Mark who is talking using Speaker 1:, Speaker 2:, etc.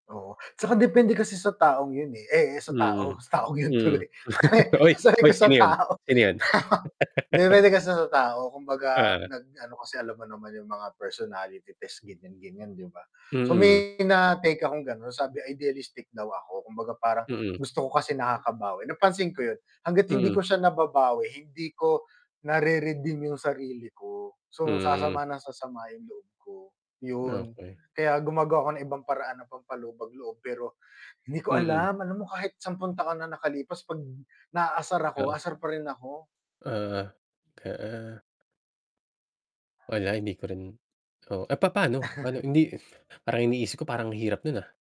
Speaker 1: Oo, 'tsaka depende kasi sa taong 'yun, eh eh eh, sa tao
Speaker 2: Mm,
Speaker 1: sa taong 'yun
Speaker 2: hmm.
Speaker 1: tuloy.
Speaker 2: Oy,
Speaker 1: Sabi
Speaker 2: hoy
Speaker 1: ko sa
Speaker 2: sino 'yun,
Speaker 1: tao
Speaker 2: sino 'yun?
Speaker 1: Depende kasi sa tao, kumbaga
Speaker 2: Oo.
Speaker 1: nag ano kasi alam mo naman 'yung mga personality test ganiyan-ganiyan, 'di ba? So
Speaker 2: Mm.
Speaker 1: may na-take akong gano'n sabi idealistic daw ako. Kumbaga parang
Speaker 2: Mm.
Speaker 1: gusto ko kasi nakakabawi, napansin ko 'yun. Hangga't hindi ko
Speaker 2: Mm.
Speaker 1: siya nababawi, hindi ko na-re-redeem 'yung sarili ko. So,
Speaker 2: Hmm.
Speaker 1: sasama nang sasama 'yung loob ko, yun.
Speaker 2: Okey.
Speaker 1: Kaya gumagawa ako ng ibang paraan ng pampalubag loob pero hindi ko
Speaker 2: Mm.
Speaker 1: alam, alam mo kahit sampung taon na nakalipas 'pag naasar
Speaker 2: O.
Speaker 1: ako asar pa rin ako.
Speaker 2: Oo. Oo. Wala hindi ko rin oo. Eh, papa'no? Ano hindi parang iniisip ko parang ang hirap nun, ah.